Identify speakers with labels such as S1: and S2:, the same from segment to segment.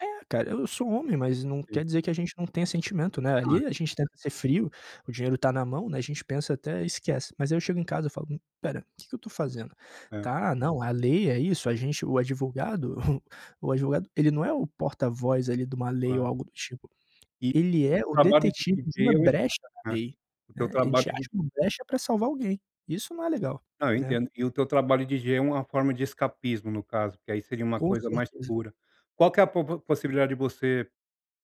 S1: É, cara. Eu sou um homem, mas não
S2: Sim.
S1: quer dizer que a gente não tenha sentimento, né.
S2: Ai,
S1: Ali a gente
S2: com
S1: tenta
S2: certeza.
S1: ser frio. O dinheiro tá na mão, né, a gente pensa, até esquece. Mas, aí, eu chego em casa, eu falo: "Hum, espera. O que que eu tô fazendo?".
S2: É.
S1: Tá, não, a lei é isso. A gente o advogado o advogado, ele não é o porta voz, ali, de uma lei ou
S2: Claro.
S1: algo do tipo.
S2: E
S1: Ele é
S2: o
S1: o
S2: trabalho de
S1: detetive de uma
S2: viver o
S1: brecha
S2: resultado
S1: na
S2: é,
S1: lei,
S2: porque
S1: né?
S2: o
S1: A
S2: trabalho
S1: gente acha
S2: ele
S1: uma brecha pra salvar alguém. Isso não é legal,
S2: Ah, eu
S1: né?
S2: entendo. E o teu trabalho DJ é uma forma de escapismo, no caso, porque, aí, seria uma
S1: Com
S2: coisa mais
S1: certeza.
S2: pura. Qual que é a popo possibilidade de você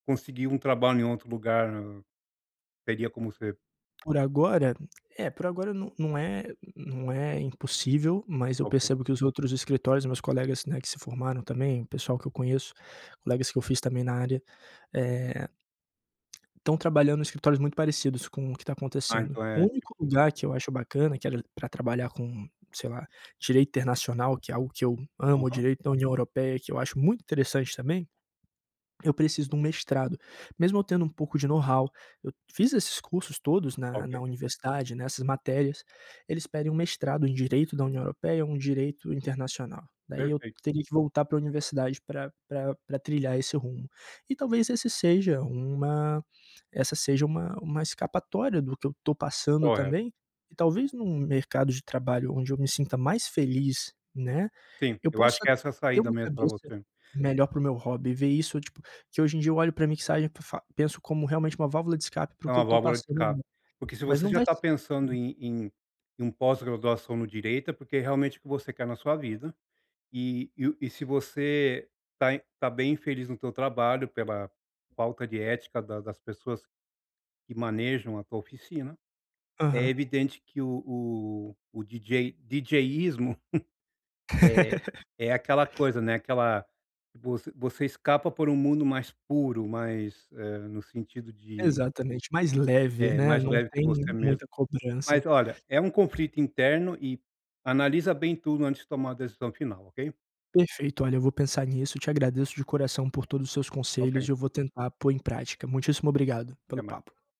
S2: conseguir um trabalho em outro lugar, hm, teria como você
S1: Por agora? É, por agora num não é nu nu não é impossível, mas eu
S2: Ok.
S1: percebo que os outros escritórios, meus colegas, né, que se formaram também o pessoal que eu conheço, colegas que eu fiz também na área, eh estão trabalhando nuns escritórios muito parecidos com o que tá
S2: Ah,
S1: acontecendo.
S2: então
S1: O
S2: é
S1: único
S2: tipo
S1: lugar que eu acho bacana, que era pra trabalhar com, sei lá, direito internacional que é algo que eu amo o
S2: Aham.
S1: direito da União Europeia, que eu acho muito interessante também. Eu preciso de um mestrado, mesmo eu tendo um pouco de know-how. Eu fiz esses cursos todos na
S2: Ok.
S1: na universidade, nessas matérias, eles pedem um mestrado em direito da União Europeia, um direito internacional. Daí, eu
S2: Perfeito.
S1: teria que voltar pra universidade pra pra pra trilhar esse rumo. E talvez esse seja uma essa seja uma uma escapatória do que eu tô passando
S2: Correto.
S1: também. E talvez num mercado de trabalho onde eu me sinta mais feliz, né.
S2: Sim,
S1: Eu
S2: eu acho
S1: possa
S2: que essa é a
S1: ter
S2: saída,
S1: uma
S2: mesmo, pra
S1: cabeça
S2: você.
S1: melhor para o meu hobby, ver isso tipo que hoje em dia eu olho pra mixagem pra fa penso como realmente uma válvula de escape para
S2: É
S1: o que eu
S2: uma
S1: tô
S2: válvula que
S1: passando,
S2: escape. Porque se
S1: mas
S2: você
S1: não
S2: já
S1: vai
S2: tá
S1: ser
S2: pensando em em em um pós-graduação no direito, é porque, realmente, o que você quer na sua vida. E e o e se você tá em tá bem infeliz no teu trabalho, pela falta de ética da das pessoas que manejam a tua oficina, é
S1: Aham.
S2: evidente que o o o DJ djísmo, é é aquela coisa, né. Aquela você você escapa por um mundo mais puro, mais eh, no sentido de
S1: Exatamente, mais
S2: de
S1: leve,
S2: é,
S1: né?
S2: mais
S1: Não
S2: leve que você
S1: tem
S2: mesmo
S1: muita cobrança.
S2: mas, olha, é um conflito interno e analisa bem tudo antes de tomar uma decisão final. Ok?
S1: Perfeito, olha, eu vou pensar nisso. Eu te agradeço de coração por todos os seus
S2: Ok.
S1: conselhos e eu vou tentar pôr em prática. Muitíssimo obrigado pelo
S2: Até mais.
S1: papo.